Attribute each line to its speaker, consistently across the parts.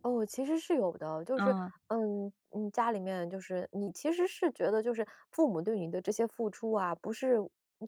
Speaker 1: 哦，其实是有的，就是，
Speaker 2: 嗯。
Speaker 1: 嗯嗯，家里面就是你其实是觉得就是，父母对你的这些付出啊，不是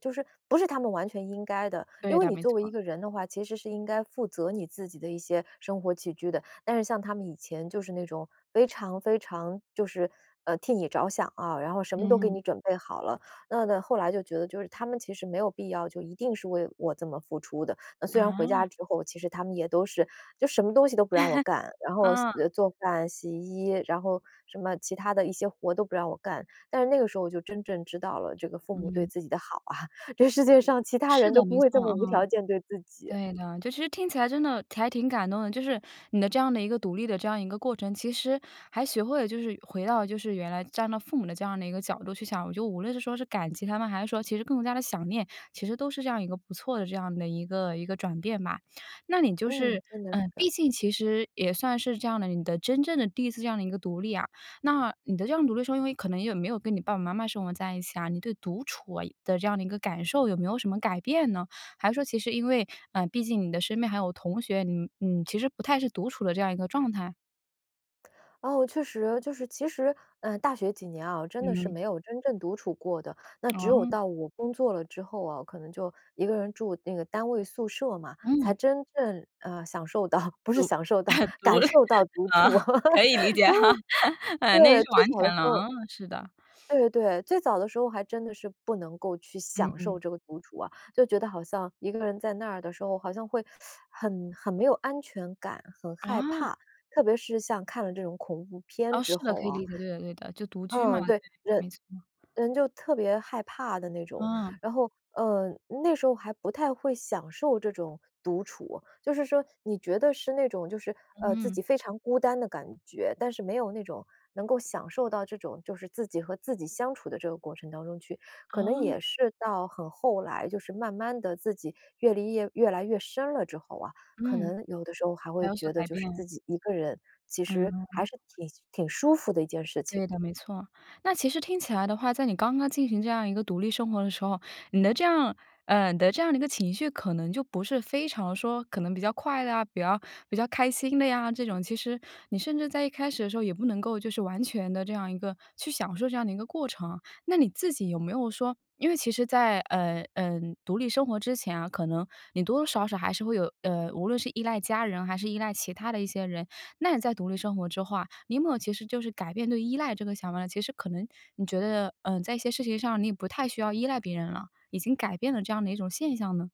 Speaker 1: 就是不是他们完全应该的。因
Speaker 2: 对
Speaker 1: 为
Speaker 2: 的，
Speaker 1: 你
Speaker 2: 没
Speaker 1: 作为一
Speaker 2: 错。
Speaker 1: 个人的话，其实是应该负责你自己的一些生活起居的。但是像他们以前就是那种非常非常就是，呃，替你着想啊，然后什么都给
Speaker 2: 嗯。
Speaker 1: 你准备好了。那那后来就觉得就是他们其实没有必要就一定是为我这么付出的。呃，虽然回家
Speaker 2: 啊。
Speaker 1: 之后，其实他们也都是就什么东西都不让我干，然后洗
Speaker 2: 嗯。
Speaker 1: 做饭洗衣，然后什么其他的一些活儿都不让我干。但是那个时候就真正知道了，这个父母对
Speaker 2: 嗯。
Speaker 1: 自己的好啊，这世界上其他
Speaker 2: 是
Speaker 1: 人都
Speaker 2: 的，没
Speaker 1: 不
Speaker 2: 错，
Speaker 1: 会这么无
Speaker 2: 嗯。
Speaker 1: 条件对自己。
Speaker 2: 对的，就其实听起来真的还挺感动的，就是，你的这样的一个独立的这样一个过程，其实还学会了就是回到了就是原来站到父母的这样的一个角度去想。我觉得无论是说是感激他们，还是说其实更加地想念，其实都是这样一个不错的这样的一个一个转变吧。那你就
Speaker 1: 嗯，
Speaker 2: 是
Speaker 1: 真的
Speaker 2: 嗯，
Speaker 1: 是。
Speaker 2: 毕竟其实也算是这样的，你的真正的第一次这样的一个独立啊。那，你的这样独立说，因为可能也没有跟你爸爸妈妈生活在一起啊，你对独处啊的这样的一个感受，有没有什么改变呢？还是说其实因为，嗯，毕竟你的身边还有同学，你你其实不太是独处的这样一个状态？
Speaker 1: 哦，确实，就是其实，呃，大学几年啊，我真的是
Speaker 2: 嗯。
Speaker 1: 没有真正独处过的。那只有
Speaker 2: 哦。
Speaker 1: 到我工作了之后啊，可能就一个人住那个单位宿舍嘛，才
Speaker 2: 嗯。
Speaker 1: 真正，呃，享受到，不是
Speaker 2: 独
Speaker 1: 享受到，
Speaker 2: 啊，独
Speaker 1: 感
Speaker 2: 了
Speaker 1: 受到独处。
Speaker 2: 啊，可以理解
Speaker 1: 然后，
Speaker 2: 哈，啊，那
Speaker 1: 对，
Speaker 2: 是
Speaker 1: 最
Speaker 2: 完
Speaker 1: 早的
Speaker 2: 全了，
Speaker 1: 时候
Speaker 2: 啊，是的。
Speaker 1: 对对对，最早的时候还真的是不能够去
Speaker 2: 嗯
Speaker 1: 享
Speaker 2: 嗯。
Speaker 1: 受这个独处啊。就觉得好像一个人在那的时候，好像会 很很没有安全感、很害
Speaker 2: 啊。
Speaker 1: 怕，特别是像看了这种恐怖片
Speaker 2: 哦，是
Speaker 1: 之
Speaker 2: 的，
Speaker 1: 后
Speaker 2: 可以
Speaker 1: 啊。
Speaker 2: 理解，对的对的，就独居嘛，
Speaker 1: 嗯，对，
Speaker 2: 对，
Speaker 1: 人
Speaker 2: 没错。
Speaker 1: 人就特别害怕的那种。
Speaker 2: 嗯。
Speaker 1: 然后，呃，那时候还不太会享受这种独处。就是说，你觉得是那种就是，呃，自
Speaker 2: 嗯。
Speaker 1: 己非常孤单的感觉，但是没有那种，能够享受到这种就是自己和自己相处的这个过程当中去。可能
Speaker 2: 哦。
Speaker 1: 也是到很后来，就是慢慢地自己阅历叶越来越深了之后啊，可
Speaker 2: 嗯。
Speaker 1: 能有的时候还
Speaker 2: 才
Speaker 1: 会
Speaker 2: 有所
Speaker 1: 觉得
Speaker 2: 改
Speaker 1: 就是自
Speaker 2: 变。
Speaker 1: 己一个人，其实还
Speaker 2: 嗯。
Speaker 1: 是挺挺舒服的一件事情。
Speaker 2: 对的，没错。那其实听起来的话，在你刚刚进行这样一个独立生活的时候，你的这样呃，你的这样一个情绪可能就不是非常说可能比较快乐啊，比较比较开心的呀这种。其实，你甚至在一开始的时候，也不能够就是完全地这样一个去享受这样的一个过程。那你自己有没有说，因为其实在，呃，呃，独立生活之前啊，可能你多多少少还是会有，呃，无论是依赖家人，还是依赖其他的一些人。那你在独立生活之后啊，你没有其实就是改变对“依赖”这个想法呢？其实可能你觉得，呃，在一些事情上，你也不太需要依赖别人了，已经改变了这样的一种现象呢？